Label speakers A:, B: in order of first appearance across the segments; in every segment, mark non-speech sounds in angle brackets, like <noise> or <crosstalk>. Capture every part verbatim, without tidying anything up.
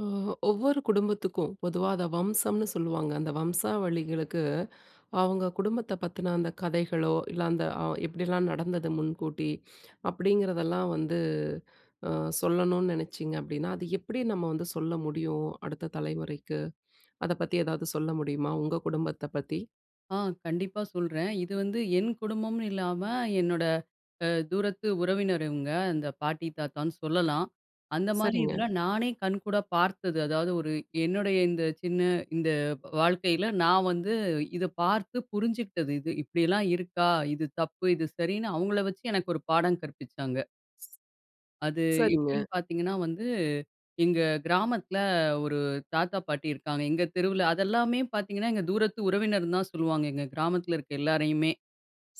A: ஓ ஒ ஒவ்வொரு குடும்பத்துக்கும், பொதுவா அத வம்சம்ன்னு சொல்லுவாங்க. அந்த வம்சாவளிகளுக்கு, அவுங்க குடும்பத்தை பத்தின அந்த கதைகளோ, இல்ல அந்த அ எப்டியெல்லாம் நடந்தது முன்கூட்டி, அப்டிங்கிறதெல்லாம் வந்து, ஆ சொல்லணும்னு நெனச்சீங்க அப்டின்னா, அது எப்டி நம்ம வந்து சொல்ல முடியும்? அடுத்த தலைமுறைக்கு. அத பத்தி ஏதாவது சொல்ல முடியுமா, உங்க குடும்பத்தை பத்தி?
B: ஆ, கண்டிப்பா சொல்றேன். இது வந்து என் குடும்பம்னு இல்லாம, என்னோட, அ தூரத்து உறவினர் இவுங்க. அந்த பாட்டி தாத்தான்னு சொல்லலாம். அந்த மாரி
A: சரிங்க.
B: இதுல, நானே கண்கூடா பார்த்தது. அதாவது, ஒரு என்னுடைய இந்த சின்ன இந்த வாழ்க்கையில நான் வந்து இதை பார்த்து புரிஞ்சுகிட்டது இது. இப்டியெல்லாம் இருக்கா? இது தப்பு, இது சரின்னு அவுங்கள வச்சு எனக்கு ஒரு பாடம் கற்பிச்சாங்க. அது
A: சரிங்க.
B: எப்டின்னு பாத்தீங்கன்னா வந்து, எங்க கிராமத்தில, ஒரு தாத்தா பாட்டி இருக்காங்க. எங்க தெருவுல அத எல்லாமே பாத்தீங்கன்னா, எங்க தூரத்து உறவினர்ன்னு தான் சொல்லுவாங்க. எங்க கிராமத்தில இருக்கிற எல்லாரையுமே.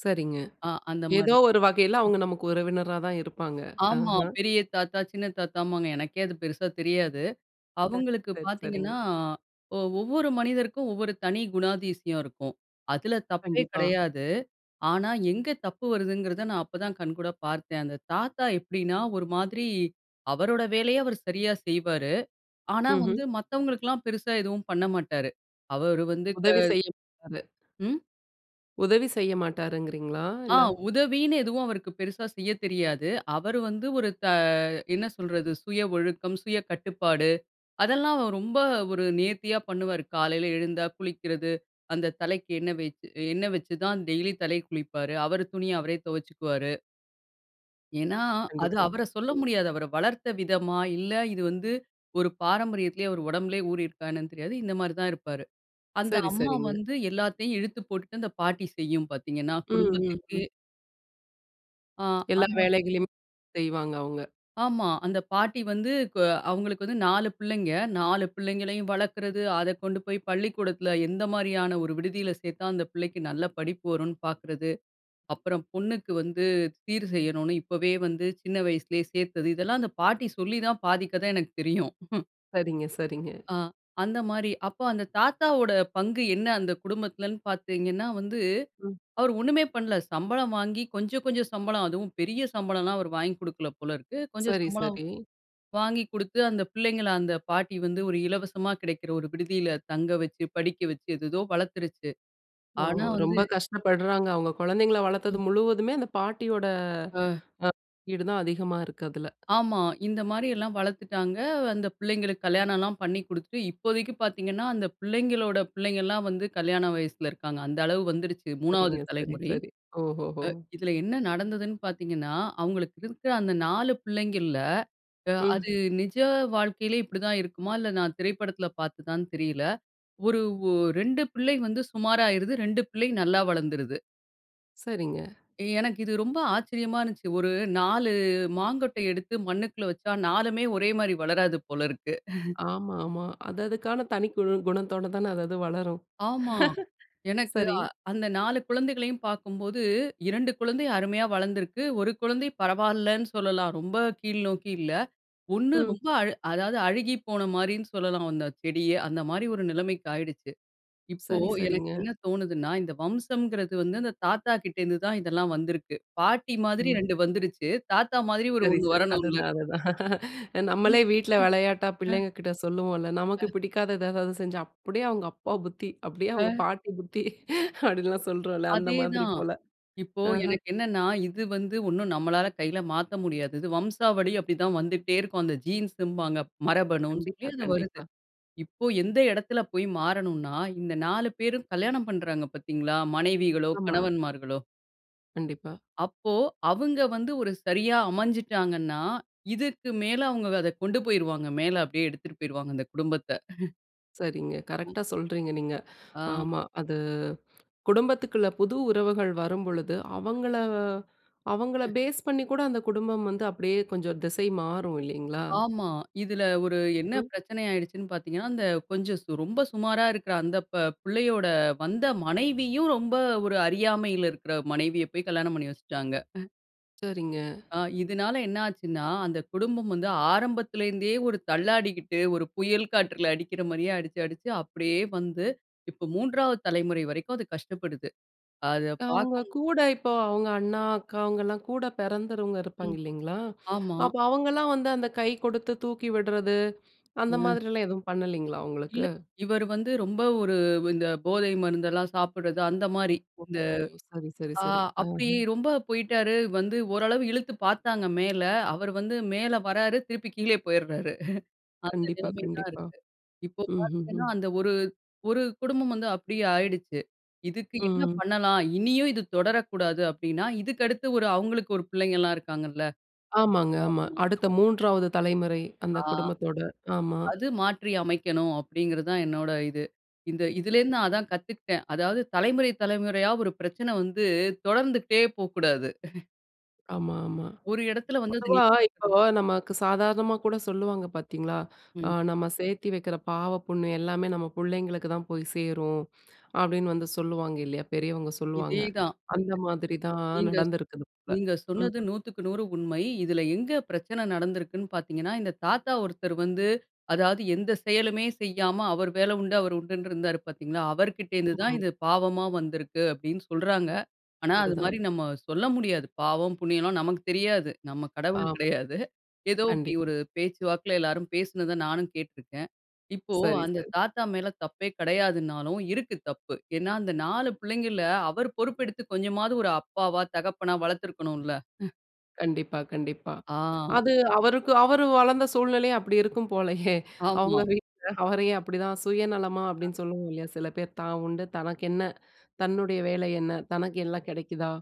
A: சரிங்க.
B: ஆ, அந்த
A: ஏதோ
B: மாரி.
A: ஒரு வகையில,
B: ம்.
A: அவுங்க நமக்கு உறவினரா தான் இருப்பாங்க.
B: ஆமா.
A: அஹ,
B: பெரிய தாத்தா சின்ன தாத்தாமாங்க. எனக்கே அது பெருசா தெரியாது.
A: <chuckles>
B: அவுங்களுக்கு
A: சரி
B: பாத்தீங்கன்னா
A: சரிங்க.
B: ஒ ஒவ்வொரு மனிதருக்கும் ஒவ்வொரு தனி குணாதிசயம் இருக்கும். அதில தப்பே
A: கண்டிப்பா.
B: கெடையாது. ஆனா எங்கே தப்பு வருதுங்கிறத நான் அப்பதான் கண்கூடா பார்த்தேன். அந்த தாத்தா எப்டின்னா, ஒரு மாதிரி அவரோட வேலைய அவரு சரியா செய்வாரு. ஆனா வந்து
A: ம்ஹ்ம்.
B: மததவங்களுக்கெல்லாம் பெருசா எதுவும் பண்ணமாட்டாரு. அவரு வந்து க
A: உதவி செய்யும் அது.
B: ம்.
A: உதவி செய்ய மாட்டாருங்கிறீங்களா?
B: ஆ
A: இல்ல.
B: உதவின்னு எதுவும் அவருக்கு பெருசா செய்ய தெரியாது. அவர் வந்து ஒரு த என்ன சொல்றது, சுய ஒழுக்கம், சுய கட்டுப்பாடு அதெல்லாம் ரொம்ப ஒரு நேர்த்தியா பண்ணுவாரு காலையில எழுந்தா குளிக்கறது, அந்த தலைக்கு எண்ணெ வச்சு எண்ணெ வச்சுதான் டெய்லி தலைக்கு குளிப்பாரு, அவரு துணிய அவரே தொவச்சிக்குவாரு. ஏன்னா, அது
A: கண்டிப்பா.
B: அவர சொல்ல
A: ம்.
B: முடியாது. அவர வளர்த்த விதமா இல்ல இது வந்து ஒரு பாரம்பரியத்துலேயே அவர் உடம்புலேயே ஊறி இருக்கா என்னன்னு தெரியாது. இந்த மாரி தான் இருப்பாரு. அந்த
A: சரி,
B: அம்மா
A: சரிங்க.
B: வந்து எல்லாத்தையும் இழுத்து போட்டுட்டு அந்த பாட்டி செய்யும் பாத்தீங்கன்னா
A: ம். ம்.
B: குடும்பத்துக்கே
A: ம்.
B: ஆ,
A: எல்லா
B: அது
A: வேலைகளையும் செய்வாங்க அவங்க.
B: ஆமா. அந்த பாட்டி வந்து கோ அவங்களுக்கு வந்து நாலு பிள்ளைங்க, நாலு பிள்ளைங்களையும் வளக்குறது அத கொண்டு போயி பள்ளிக்கூடத்துல எந்த மாரியான ஒரு விடுதியில சேத்தா, அந்த பிள்ளைக்கு நல்ல படிப்பு வருன்னு பாக்குறது, அப்பறம் பொண்ணுக்கு வந்து சீர் செய்யணும்னு இப்பவே வந்து சின்ன வயசுலேயே சேத்தது, இதெல்லாம் அந்த பாட்டி சொல்லி தான் பாதிக் கத எனக்கு தெரியும். <chuckles>
A: சரிங்க, சரிங்க.
B: அ அந்த மாரி, அப்போ அந்த தாத்தாவோட பங்கு என்ன அந்த குடும்பத்துலன்னு பாத்தீங்கன்னா வந்து
A: ம்.
B: அவரு ஒண்ணுமே பண்ல சம்பளம் வாங்கி கொஞ்சம், கொஞ்சம் சம்பளம் அதுவும் பெரிய சம்பளம்லாம் அவரு வாங்கி குடுக்கல போல இருக்கு. கொஞ்சம்
A: சரி,
B: சம்பளம்
A: சரி.
B: வாங்கி குடுத்து அந்த பிள்ளைங்கள அந்த பாட்டி வந்து ஒரு இலவசமா கிடைக்குற ஒரு விடுதியில தங்க வச்சு, படிக்க வச்சு ஏதேதோ வளத்துருச்சு.
A: ஓ!
B: ஆனா வந்து
A: ரொம்ப கஷ்டப்படுறாங்க. அவங்க குழந்தைங்கள வளத்தது
B: ம்.
A: முழுவதுமே அந்த பாட்டியோட
B: அ.
A: அ ஈடு தான் அதிகமா இருக்கு அதுல.
B: ஆமா, இந்த மாரில்லாம் வளத்துட்டாங்க. அந்த பிள்ளைங்களுக்கு கல்யாணம்லாம் பண்ணி குடுத்துட்டு இப்போதைக்கு பாத்தீங்கன்னா அந்த பிள்ளைங்களோட பிள்ளைங்கலாம் வந்து கல்யாண வயசுல இருக்காங்க. அந்த அளவுக்கு வந்துடுச்சு மூணாவது
A: சரிங்க. சரி,
B: தலைமுறை.
A: சரி. ஓஹோஹோ.
B: அ இதுல என்ன நடந்ததுன்னு பாத்தீங்கன்னா, அவங்களுக்கு இருக்குற அந்த நாலு பிள்ளைங்கள்ல
A: ம்.
B: அது நிஜ வாழ்க்கையிலே இப்டி தான் இருக்குமா? இல்ல நான் திரைப்படத்துல பாத்ததான்னு தெரியல. ஒரு ஓ ரெண்டு பிள்ளை வந்து சுமாரா ஆயிருது. ரெண்டு பிள்ளை நல்லா வளந்துருது.
A: சரிங்க.
B: எனக்கு இது ரொம்ப ஆச்சரியமா இருந்துச்சு. ஒரு நாலு மாங்கொட்டை எடுத்து மண்ணுக்குள்ள வச்சா நாலு ஒரே மாரி வளராது போலருக்கு. <chuckles>
A: ஆமா, ஆமா. அது அதுக்கான தனி குழு குணத்தோட தானே அது அது வளரும்.
B: ஆமா. எனக்கு
A: <chuckles> சரி.
B: அ அந்த நாலு குழந்தைகளையும் பார்க்கும்போது, இரண்டு குழந்தை அருமையா வளர்ந்திருக்கு. ஒரு குழந்தை பரவால்லன்னு சொல்லலாம், ரொம்ப கீழ்நோக்கி இல்ல. ஒண்ணு
A: ம்.
B: ரொம்ப அல் அதாவது அழுகி போன மாரின்னு சொல்லலாம் அந்த செடிய. அந்த மாரி ஒரு நிலைமைக்கு ஆயிடுச்சு. இப்போ
A: சரி,
B: எனக்கு
A: சரிங்க.
B: என்ன தோணுதுன்னா? இந்த வம்சம்ங்கிறது வந்து அந்த தாத்தா கிட்ட இருந்து தான் இதெல்லாம் வந்திருக்கு. பாட்டி மாதிரி
A: கண்டிப்
B: ரெண்டு வந்துருச்சு, தாத்தா மாதிரி ஒரு
A: சரி,
B: ஒண்ணு
A: சரி
B: வரணும்ல.
A: அதுதான், அதுதான்.
B: ம். ம்.
A: நம்மளே வீட்ல வெளையாட்டா
B: அ.
A: பிள்ளைங்க கிட்ட சொல்லுவோம்ல, நமக்கு
B: அ.
A: பிடிக்காதது எதாவது செஞ்சா, அப்டியே அவங்க அப்பா புத்தி, அப்டியே
B: ஆ.
A: அவங்க பாட்டி புத்தி அப்டிலாம் சொல்றோம்ல. அந்த
B: அதே
A: மாதிரி
B: தான்.
A: போல.
B: இப்போ
A: அஹ.
B: எனக்கு என்னன்னா, இது வந்து ஒண்ணும் நம்மளால கையில மாத்த முடியாது இது வம்சாவழி அப்டிதான் வந்துட்டே இருக்கும் அந்த ஜீன்ஸ்ன்பாங்க. மரபணு சொல்லி
A: கண்டிப்பா,
B: அது வருது.
A: கண்டிப்பா.
B: இப்போ எந்த எடத்தில போய் மாறனும்ன்னா? இந்த நாலு பேரும் கல்யாணம் பண்றாங்க பார்த்தீங்களா? மனைவிகளோ,
A: ஆமா.
B: கணவன்மார்களோ
A: கண்டிப்பா.
B: அப்போ அவுங்க வந்து, ஒரு சரியா அமஞ்சுட்டாங்கன்னா, இதுக்கு மேல அவுங்க அத கொண்டு போயிருவாங்க. மேல அப்பிடியே எடுத்துட்டு போயிடுவாங்க அந்த குடும்பத்த. <chuckles>
A: சரிங்க,
B: அ.
A: கரெக்ட்டா சொல்றீங்க நீங்க.
B: அ.
A: ஆமா. அது குடும்பத்துக்குள்ள புது உறவுகள் வரும்பொழுது, அவங்கள அவங்கள ஃபேஸ் பண்ணி கூட அந்த குடும்பம் வந்து அப்பிடியே கொஞ்சம் திசை மாறும் இல்லேங்களா!
B: ஆமா. இதுல ஒரு என்ன
A: ம்.
B: பிரச்சன ஆயிடுச்சுன்னு பாத்தீங்கனா அந்த கொஞ்சம் சு ரொம்ப சுமாரா இருக்குற அந்த ப பிள்ளையோட வந்த மனைவியும் ரொம்ப ஒரு அறியாமையில இருக்குற மனைவிய பேய் கல்யாணம் பண்ணி வச்சுட்டாங்க <chuckles>
A: சரிங்க.
B: அ இதுனால என்ன ஆச்சுன்னா, அந்த குடும்பம் வந்து ஆரம்பத்தில இருந்தே ஒரு தள்ளாடிக்கிட்டு ஒரு புயல் காற்றில அடிக்கிற மாரியே அடிச்சு அடிச்சு அப்பிடியே வந்து இப்போ மூன்றாவது தலைமுறை வரைக்கும் அது கஷ்டப்படுது. அத
A: அவுங்க
B: பாக்கும்
A: கூட இப்போ அவுங்க அண்ணா அக்கா அவுங்கலாம் கூட பிறந்தறுங்க இருப்பாங்க
B: ம்,
A: இல்லேங்களா!
B: ஆமா.
A: அப்போ அவுங்கலாம் வந்து அந்த கை கொடுத்து தூக்கி விட்றது, அந்த
B: அ.
A: மாதிரி எல்லாம் எதுவும் பண்ணலேங்களா! அவுங்களுக்கு.
B: இல்ல. இவரு வந்து ரொம்ப ஒரு இந்த போதை மருந்தெல்லாம் சாப்புட்றது அந்தமாரி.
A: ஓ
B: இந்த,
A: சரி, சரி,
B: ஆ
A: சரி. ஆ,
B: அப்பிடி
A: ஆ.
B: ரொம்ப போயிட்டாரு வந்து ஓரளவு இழுத்து பாத்தாங்க மேல, அவரு வந்து மேல வராரு திருப்பி கீழயே போயிறாரு <laughs> அந்த
A: கண்டிப்பா.
B: நிலைமை தான்
A: கண்டிப்பா.
B: இருக்கு. இப்போ
A: ம், ம்,
B: பாத்தீங்கன்னா
A: ம்.
B: அந்த ஒரு, ஒரு குடும்பம் வந்து அப்பிடியே ஆயிடுச்சு, இதுக்கு என்ன
A: ம்.
B: பண்ணலாம் இனியும் இது தொடரக்கூடாது அப்பிடின்னா இதுக்கு அடுத்து ஒரு அவுங்களுக்கு ஒரு பிள்ளைங்கலாம் இருக்காங்கல்ல,
A: ஆமாங்க, ஆமா.
B: <unintelligible>
A: அடுத்த மூன்றாவது தலைமுறை, அந்த
B: ஆ.
A: குடும்பத்தோட, ஆமா.
B: அது மாற்றி அமைக்கணும் அப்பிடிங்கிறது தான் என்னோட இது. இந்த இதுல இருந்து நான் அதான் கத்துக்கிட்டேன். அதாவது தலைமுறை, தலைமுறையா ஒரு பிரச்சன வந்து தொடர்ந்துகிட்டே போ கூடாது. <chuckles>
A: ஆமா ஆமா.
B: ஒரு இடத்துல வந்து அத
A: பொதுவா
B: நிப்பாட்டணும்.
A: இப்போ நமக்கு சாதாகமா கூட சொல்லுவாங்க பாத்தீங்களா, அ
B: ம்.
A: "நம்ம சேத்தி வெக்குற பாவ, புண்ணு எல்லாமே நம்ம புள்ளைங்களுக்கு தான் போய் சேரும்" அப்டின்னு வந்து சொல்லுவாங்க இல்லையா, பெரியவங்க சொல்லுவாங்க.
B: இதே தான்.
A: அந்த
B: நீங்க
A: மாதிரி தான்
B: நீங்க
A: நடந்திருக்குது போல.
B: நீங்க
A: ம்.
B: சொன்னது நூத்துக்கு நூறு உண்மை. இதில எங்க பிரச்சன நடந்திருக்குன்னு பாத்தீங்கனா, இந்த தாத்தா ஒருத்தர் வந்து அதாவது எந்த செயலுமே செய்யாம அவர் வேலை உண்டு அவர் உண்டுன்னு இருந்தாரு பாத்தீங்களா? அவர்கிட்ட இருந்து தான்
A: <unintelligible>
B: இது பாவமா வந்திருக்கு. அப்டின்னு சொல்றாங்க. ஆனா அது
A: அதுதான்
B: மாரி
A: அது.
B: நம்ம சொல்ல முடியாது. பாவம், புண்ணியம்லாம் நமக்கு தெரியாது. நம்ம கடவுள்
A: ஆமா.
B: கிடையாது. ஏதோ இப்டி
A: கண்டிப்பா.
B: ஒரு பேச்சுவாக்குல எல்லாரும் பேசினத நானும் கேட்ருக்கேன். இப்போ
A: சரி
B: அந்த
A: சரி.
B: தாத்தா மேல தப்பே கிடையாதுன்னாலும், இருக்கு தப்பு. ஏன்னா அந்த நாலு பிள்ளைங்கள்ல அவர் பொறுப்பு எடுத்து கொஞ்சமாவது ஒரு அப்பாவா, தகப்பனா வளத்திருக்கணுல்ல? <chuckles>
A: கண்டிப்பா கண்டிப்பா
B: ஆ.
A: அது அவருக்கு அவரு வளந்த சூழ்நிலையும் அப்டி இருக்கும் போலயே,
B: ஆமா.
A: அவுங்க வீட்ல அவரையும் அப்டிதான், "சுயநலமா"
B: அ.
A: அப்டின்னு சொல்லுவோம் இல்லையா, சில பேர் தான் உண்டு! தனக்கென்ன? தன்னுடைய வேலை என்ன? தனக்கு எல்லாம் கெடைக்குதா?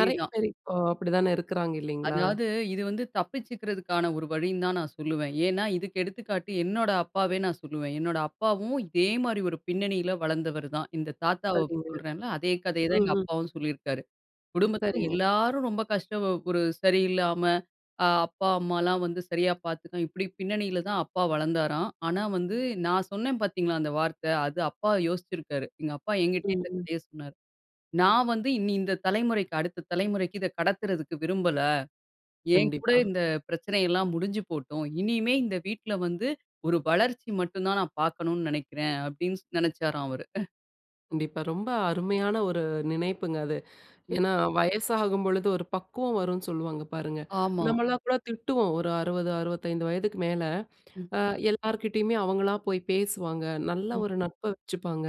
A: நெறையா பேர் இப்போ அப்டிதானே இருக்குறாங்க இல்லைங்களா?
B: அதாவது இது வந்து தப்பிச்சுக்கறதுக்கான ஒரு வழின்னு தான் நான் சொல்லுவேன். ஏன்னா இதுக்கு எடுத்துக்காட்டு என்னோட அப்பாவே நான் சொல்லுவேன் என்னோட அப்பாவும் இதே மாரி ஒரு பின்னணியில வளந்தவரு தான். இந்த தாத்தாவ
A: சரிங்க.
B: சொல்றேன்ல! அதே கதைய தான்
A: ம்
B: எங்க
A: ம்.
B: அப்பாவும் சொல்லிருக்காரு. குடும்பத்துல
A: சரிங்க.
B: எல்லாரும் ரொம்ப கஷ்டம் ஒரு சரியில்லாம அ அப்பா அம்மாலாம் வந்து சரியா பாத்துக்க இப்டி பின்னணியில தான் அப்பா வளந்தாராம். ஆனா வந்து, நான் சொன்னேன் பாத்தீங்களா அந்த வார்த்த, அது அப்பா யோசிச்சிருக்காரு. எங்க அப்பா என்கிட்டயே
A: ம்
B: இந்த
A: ம்.
B: கதைய சொன்னாரு. நான் வந்து, இனி இந்த தலைமுறைக்கு அடுத்த தலைமுறைக்கு இத கடத்துறதுக்கு விரும்பல. என் கூட
A: கண்டிப்பா.
B: இந்த பிரச்சனை எல்லாம் முடிஞ்சு போட்டும். இனிமே இந்த வீட்ல வந்து ஒரு வளர்ச்சி மட்டும் தான் நான் பாக்கணும்னு நெனைக்கிறேன். அப்டின்னு ஸ் நெனச்சாராம் அவரு. <chuckles>
A: கண்டிப்பா ரொம்ப அருமையான ஒரு நினைப்புங்க அது.
B: ம்.
A: ஏன்னா, வயசாகும் பொழுது ஒரு பக்குவம் வரும்னு சொல்லுவாங்க பாருங்க.
B: ஆமா.
A: நம்மெல்லாம் கூட திட்டுவோம் ஒரு அறுவது, அறுவத்தைந்து வயதுக்கு மேல,
B: ம்.
A: அ எல்லார்கிட்டயுமே அவங்களா போய் பேசுவாங்க நல்ல
B: ம்.
A: ஒரு நட்ப வச்சுப்பாங்க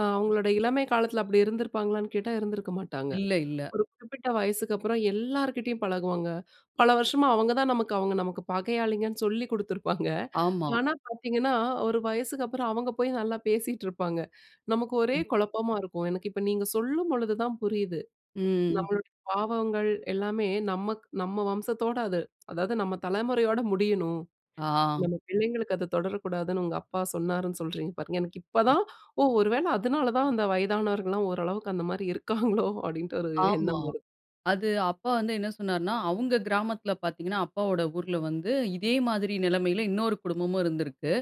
A: அ
B: ம்.
A: அவங்களோட இளமை காலத்துல அப்டி இருந்திருப்பாங்களான்னு கேட்டா இருந்திருக்க மாட்டாங்க.
B: இல்ல, இல்ல.
A: ஒரு குறிப்பிட்ட வயசுக்கு அப்பறம் எல்லார்கிட்டேயும் பழகுவாங்க பல வருஷமா அவங்க தான் நமக்கு அவங்க நமக்கு பகையாளிங்கன்னு சொல்லிக் <chuckles> குடுத்துருப்பாங்க.
B: ஆமா.
A: ஆனா, பாத்தீங்கன்னா ஒரு வயசுக்கு அப்பறம் அவங்க போய் நல்லா பேசிட்ருப்பாங்க. நமக்கு ஒரே
B: ம்.
A: குழப்பமா இருக்கும். எனக்கு இப்ப நீங்க சொல்லும்பொழுதுதான் புரியுது
B: ம்.
A: நம்மளோட பாவங்கள் எல்லாமே நமக்கு நம்ம வம்சத்தோட அத அதாவது நம்ம தலைமுறையோடு முடியணும்.
B: ஆ.
A: நம்ம பிள்ளைங்களுக்கு அது தொடரக்கூடாதுன்னு உங்க அப்பா சொன்னாருன்னு சொல்றீங்க பாருங்க. எனக்கு இப்பதான் ஓ ஒருவேள அதுனால தான் அந்த வயதானவர்கள்லாம் ஓரளவுக்கு அந்த மாரி இருக்காங்களோ, அப்டின்ற ஒரு
B: ஆமா.
A: எண்ணம் வருது.
B: அது அப்பா வந்து என்ன சொன்னாருன்னா, அவங்க கிராமத்துல பாத்தீங்கனா அப்பாவோட ஊர்ல வந்து இதே மாதிரி நிலைமையில இன்னொரு குடும்பமும் இருந்திருக்கு.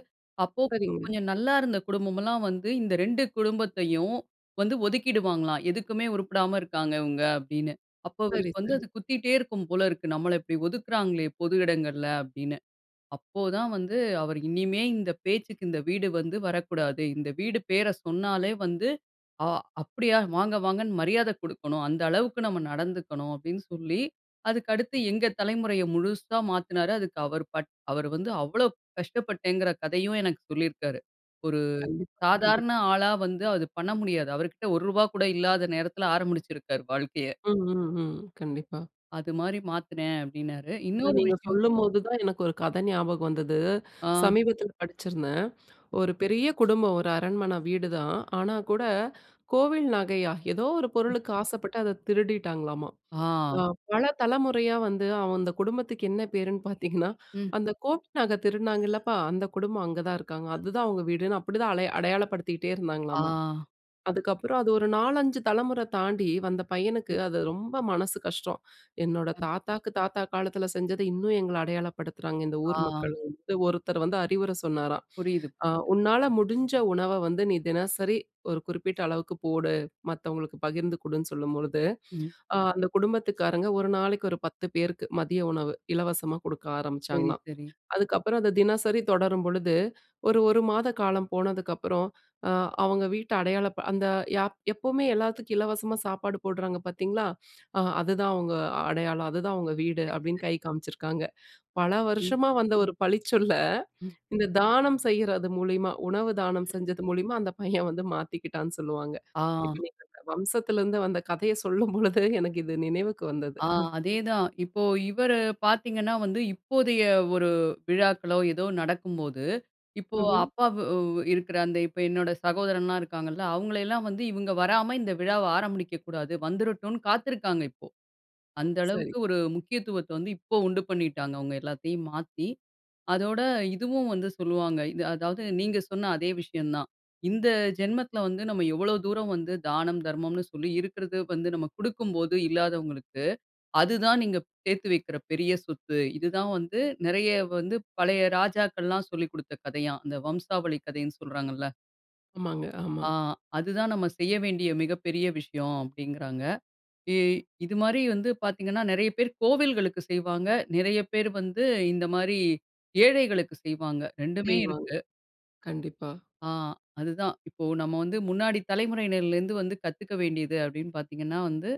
B: அப்போ
A: சரிங்க.
B: கொஞ்சம் நல்லா இருந்த குடும்பம் எல்லாம் வந்து இந்த ரெண்டு குடும்பத்தையும் வந்து ஒதுக்கிடுவாங்களாம். எதுக்குமே உருப்படாம இருக்காங்க இவங்க அப்டின்னு. அப்போ
A: சரி,
B: அவருக்கு வந்து
A: சரி.
B: அது குத்திக்கிட்டே இருக்கும் போல இருக்கு. நம்மள இப்டி ஒதுக்குறாங்களே பொது இடங்கள்ல அப்டின்னு. அப்போ தான் வந்து அவர் இனிமே இந்த, பேச்சுக்கு இந்த வீடு வந்து வரக்கூடாது. இந்த வீடு பேர சொன்னாலே வந்து ஆ அப்டியா வாங்க, வாங்கன்னு மரியாத குடுக்கணும். அந்த அளவுக்கு நம்ம நடந்துக்கணும். அப்டின்னு சொல்லி, அதுக்கடுத்து எங்க தலைமுறைய முழுசா மாத்தினாரா அதுக்கு அவர் பட் அவரு வந்து அவ்ளோ கஷ்டப்பட்டேங்கற கதையும் எனக்கு சொல்லிருக்காரு. ஒரு
A: கண்டிப்பா, கண்டிப்பா.
B: சாதாரண ஆளா வந்து அது பண்ண முடியாது. அவர்கிட்ட ஒருவா கூட இல்லாத நேரத்துல ஆரம்பிச்சுருக்குறாரு வாழ்க்கைய.
A: ம், ம், ம். கண்டிப்பா.
B: அது மாரி மாத்துனேன் அப்டின்னாரு.
A: இத
B: இன்னொரு
A: நீங்க
B: விஷயம்
A: சொல்லும்போது தான் எனக்கு ஒரு கத ஞாபகம் வந்தது.
B: ஆ.
A: சமீபத்துல படிச்சிருந்தேன். ஒரு பெரிய குடும்பம் ஒரு அரண்மன வீடுதான் ஆனா கூட கோவில் நகையா ஏதோ ஒரு
B: ம்.
A: பொருளுக்கு ஆசப்பட்டு அத திருடிட்டாங்களாமா,
B: ஆ.
A: அ பல தலைமுறையா வந்து அவந்து குடும்பத்துக்கு என்ன பேருன்னு <chuckles> பாத்தீங்கன்னா,
B: ம்.
A: "அந்த கோவில் நக திருடுனாங்கலப்பா அந்த குடும்பம் அங்க தான் இருக்காங்க. அதுதான் அவங்க வீடுன்னு" அப்டிதான் அடை அடையாளப்படுத்திகிட்டே
B: ஆ.
A: இருந்தாங்களாமா.
B: அப்
A: அதுக்கு அப்றம் அது ஒரு நாலஞ்சு தலைமுற தாண்டி வந்த பையனுக்கு
B: ம்.
A: அது ரொம்ப மனசு கஷ்டம். என்னோட
B: ம்.
A: தாத்தாவுக்கு தாத்தா காலத்துல செஞ்சது இன்னும் எங்கள அடையாளப்படுத்துறாங்க. இந்த
B: ஆ.
A: ஊர் மக்கள் வந்து ஒருத்தர் வந்து அறிவுர சொன்னாராம்.
B: புரியுது.
A: அ
B: புரியுது.
A: உன்னால முடிஞ்ச உணவ வந்து நீ தினசரி ஒரு குறிப்பிட்ட அளவுக்கு போடு. மத்தவங்களுக்கு பகிர்ந்து குடுன்னு சொல்லும் பொழுது.
B: ம்.
A: அ அந்த குடும்பத்துக்காரங்க ஒரு நாளைக்கு ஒரு பத்து பேருக்கு மதிய உணவு இலவசமா குடுக்க
B: சரி,
A: ஆரம்பிச்சாங்களாம்.
B: சரி.
A: அதுக்கப்பறம் அது தினசரி தொடரும் பொழுது, ஒரு ஒரு மாத காலம் போனதுக்கு அப்பறம் அ அவங்க வீட்ட அடையாள ப அந்த யாப் "எப்பவுமே எல்லாத்துக்கும் இலவசமா சாப்பாடு போடுறாங்க பாத்தீங்களா? அ அதுதான் அவங்க அடையாளம். அதுதான் அவங்க வீடு"
B: சரி,
A: அப்டின்னு
B: சரி.
A: கை காமிச்சிருக்காங்க. பல
B: ம்.
A: வருஷமா வந்த ஒரு பழிச்சொல்ல
B: ம்.
A: இந்த தானம் செய்றது மூலியமா, உணவு தானம்
B: ம்.
A: செஞ்சது மூலியமா அந்த பையன் <chuckles> வந்து மாத்திக்கிட்டான்னு சொல்லுவாங்க.
B: ஆ.
A: <unintelligible> வம்சத்துல இருந்து வந்த கதைய சொல்லும் பொழுது எனக்கு இது நினைவுக்கு வந்தது.
B: ஆ அதே தான் இப்போ இவரு பாத்தீங்கன்னா வந்து இப்போதைய ஒரு விழாக்களோ ஏதோ நடக்கும்போது, இப்போ
A: ஹ்ம்.
B: அப்பா வு இருக்குற அந்த இப்ப என்னோட சகோதரன்லா இருக்காங்கல்ல அவங்களையெல்லாம் வந்து இவங்க வராம இந்த விழாவ ஆரம்பிடிக்க கூடாது வந்துறட்டுனு, காத்துருக்காங்க இப்போ. அந்த
A: சரி.
B: அளவுக்கு ஒரு முக்கியத்துவத்த வந்து இப்போ உண்டு பண்ணிட்டாங்க அவங்க எல்லாத்தையும் மாத்தி. அதோட இதுவும் வந்து சொல்லுவாங்க. இது அதாவது நீங்க சொன்ன அதே விஷயம் தான். இந்த ஜென்மத்துல வந்து நம்ம எவ்ளோ தூரம் வந்து தானம், தர்மம்னு சொல்லி இருக்குறது வந்து நம்ம குடுக்கும்போது இல்லாதவங்களுக்கு, அதுதான் நீங்க சேத்து வக்கிற பெரிய சொத்து. இது தான் வந்து நிறைய வந்து பழைய ராஜாக்கள்லாம் சொல்லிக் குடுத்த கதையாம். அந்த வம்சாவளி கதைன்னு சொல்றாங்கள.
A: ஆமாங்க, ஆமா.
B: அ, அதுதான் நம்ம செய்ய வேண்டிய மிகப்பெரிய விஷயம். அப்படின்கிறாங்க. எ இது மாதிரி வந்து பார்த்தீங்கன்னா, நெறைய பேரு கோவில்களுக்கு செய்வாங்க. நெறைய பேரு வந்து, இந்த மாரி ஏழைகளுக்கு செய்வாங்க! ரெண்டுமே
A: செய்வாங்க.
B: இருக்கு.
A: கண்டிப்பா.
B: அ, அதுதான். இப்போ நம்ம வந்து முன்னாடி தலைமுறையினர்ல இருந்து வந்து கத்துக்க வேண்டியது அப்படின்னு பார்த்தீங்கன்னா வந்து,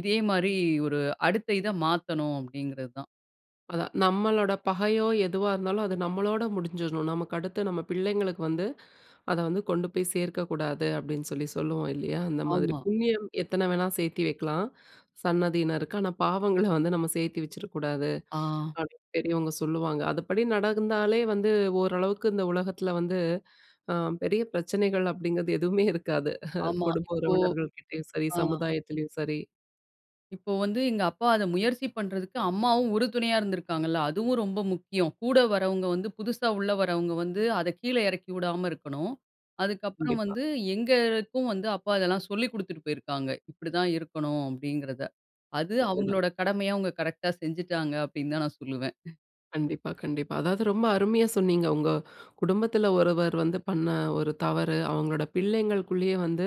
B: இதே மாரி ஒரு, அடுத்த இத மாத்தணும் அப்டிங்கிறது தான்.
A: அதான். நம்மளோட பகையோ எதுவா இருந்தாலும், அது நம்மளோட முடிஞ்சிரணும். நமக்கு அடுத்து நம்ம பிள்ளைங்களுக்கு வந்து, அத வந்து கொண்டு போய் சேர்க்கக்கூடாது அப்படின்னு சொல்லி சொல்லுவோம் இல்லையா? அந்த மாதிரி
B: ஆமா.
A: புண்ணியம் எத்தனை வேணா சேர்த்து வெக்கலாம். சன்னதியினருக்கு. ஆனா பாவங்கள வந்து நம்ம சேர்த்து வச்சுர கூடாது.
B: அ.
A: அப்படின்னு பெரியவங்க சொல்லுவாங்க! அதுப்படி நடந்தாலே வந்து, ஓரளவுக்கு இந்த உலகத்தில் வந்து, அ பெரிய பிரச்சனைகள் அப்டிங்கிறது எதுவுமே இருக்காது
B: ஆமா,
A: குடும்ப
B: இப்போ
A: உறவினர்கள் கிட்டயும் சரி,
B: அ.
A: சமுதாயத்திலயும் சரி!
B: இப்போ வந்து எங்க அப்பா அத முயற்சி பண்றதுக்கு, அம்மாவும் உறுதுணையா இருந்திருக்காங்கல்ல. அதுவும் ரொம்ப முக்கியம். கூட வரவங்க வந்து, புதுசா உள்ள வர்றவங்க வந்து, அத கீழே இறக்கி விடாம இருக்கனும். அதுக்கப்புறம்
A: கண்டிப்பா.
B: வந்து எங்களுக்கும் வந்து அப்பா அதெல்லாம் சொல்லிக் குடுத்துட்டு போயிருக்காறாங்க. இப்டி தான் இருக்கனும். அப்படின்கிறத. அது
A: அது தான்.
B: அவங்களோட கடமைய அவங்க கரெக்ட்டா செஞ்சுட்டாங்க! அப்டின்னு தான் நான் சொல்லுவேன். <chuckles>
A: கண்டிப்பா, கண்டிப்பா. அதாவது ரொம்ப அருமையா சொன்னீங்க, உங்க, குடும்பத்துல ஒருவர் வந்து பண்ண ஒரு தவறு, அவங்களோட பிள்ளைங்களுக்குள்ளயே வந்து,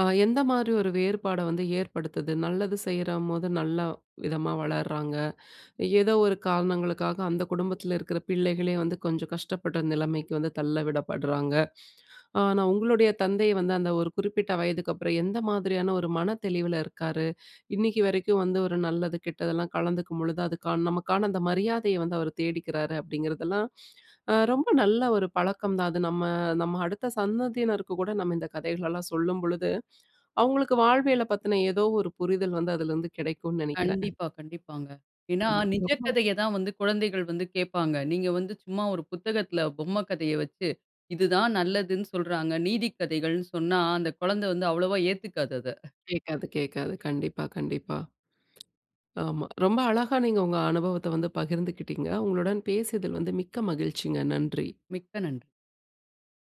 A: அ எந்த மாரி ஒரு வேறுபாட வந்து ஏற்படுத்துது? நல்லது செய்ற மோது நல்லா விதமா வளர்றாங்க. ஏதோ ஒரு காரணங்களுக்காக அந்த குடும்பத்துல இருக்குற பிள்ளைகளே வந்து, கொஞ்சம் கஷ்டப்படுற நிலைமைக்கு வந்து தள்ள விடப்படுறாங்க. அ, நான் உங்களுடைய தந்தை வந்து, அந்த ஒரு குறிப்பிட்ட வயதுக்கு அப்புறம் எந்த மாதிரியான ஒரு மனத்தெளிவுல இருக்காரு? இன்னிக்கு வரைக்கும் வந்து ஒரு நல்லது கெட்டதெல்லா கலந்துக்கும் பொழுது, அதுக்கான நமக்கான அந்த மரியாதய வந்து அவரு தேடிக்கிறாரு. அப்டிங்குறதெல்லாம், அ ரொம்ப நல்ல ஒரு பழக்கம் தான். அது நம்ம நம்ம அடுத்த சந்ததியினருக்கு கூட நம்ம இந்த கதைகள்லாம் சொல்லும்பொழுது, அவங்களுக்கு வாழ்வியல பத்தின ஏதோ ஒரு புரிதல் வந்து அதுலருந்து கெடைக்கும்னு நெனைக்குறன்.
B: கண்டிப்பா, கண்டிப்பாங்க. ஏன்னா நிஜ
A: ஆமா.
B: கதைய தான் வந்து குழந்தைகள் வந்து கேட்பாங்க. நீங்க வந்து சும்மா ஒரு புத்தகத்துல, பொம்ம கதைய வெச்சு. இது தான் நல்லதுன்னு சொல்றாங்க. நீதிக்கதைகள்னு சொன்னா, அந்த குழந்த வந்து அவ்வளவா ஏத்துக்காது அத!
A: கேக்காது கேக்காது. கண்டிப்பா கண்டிப்பா. ஆமா, ரொம்ப அழகா நீங்க உங்க அனுபவத்த வந்து பகிர்ந்துகிட்டீங்க. உங்களுடன் பேசியதில் வந்து மிக்க மகிழ்ச்சிங்க! நன்றி!
B: மிக்க நன்றி!